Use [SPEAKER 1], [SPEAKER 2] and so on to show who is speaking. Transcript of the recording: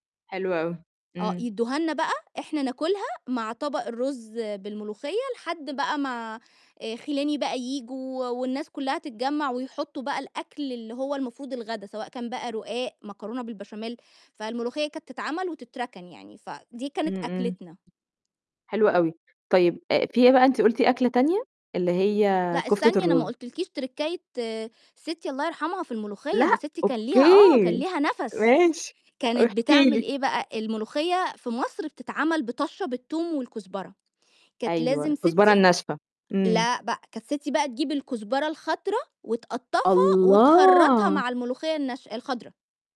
[SPEAKER 1] حلو أوي،
[SPEAKER 2] آه،
[SPEAKER 1] إمم.
[SPEAKER 2] يدوها لنا بقى إحنا ناكلها مع طبق الرز بالملوخية، لحد بقى ما خِلاني بقى ييجوا والناس كلها تتجمع ويحطوا بقى الأكل اللي هو المفروض الغدا، سواء كان بقى رقاق، مكرونة بالبشاميل، فالملوخية كانت تتعمل وتتركن يعني، فدي كانت
[SPEAKER 1] امم، امم.
[SPEAKER 2] أكلتنا.
[SPEAKER 1] حلو أوي، طيب أ في إيه بقى أنتِ قلتِ أكلة تانية، اللي هي
[SPEAKER 2] لأ
[SPEAKER 1] كفتة
[SPEAKER 2] استني أنا ما
[SPEAKER 1] الرز.
[SPEAKER 2] قلتلكِيش تركاية ستّي الله يرحمها في الملوخية، ده
[SPEAKER 1] لأ،
[SPEAKER 2] ستي كان ليها آه، كان
[SPEAKER 1] أوكي
[SPEAKER 2] ليها نَفَس،
[SPEAKER 1] ماشي،
[SPEAKER 2] كانت
[SPEAKER 1] احكي
[SPEAKER 2] بتعمل
[SPEAKER 1] لي.
[SPEAKER 2] إيه بقى؟ الملوخية في مصر بتتعمل بطشّة بالتوم والكُزبرة، كانت
[SPEAKER 1] أيوه،
[SPEAKER 2] لازم ستي
[SPEAKER 1] الكُزبرة الناشفة، امم.
[SPEAKER 2] لأ بقى، كانت ستّي بقى تجيب الكُزبرة الخضرا وتقطّفها وتخرّطها
[SPEAKER 1] الله!
[SPEAKER 2] مع الملوخية الناش الخضرا.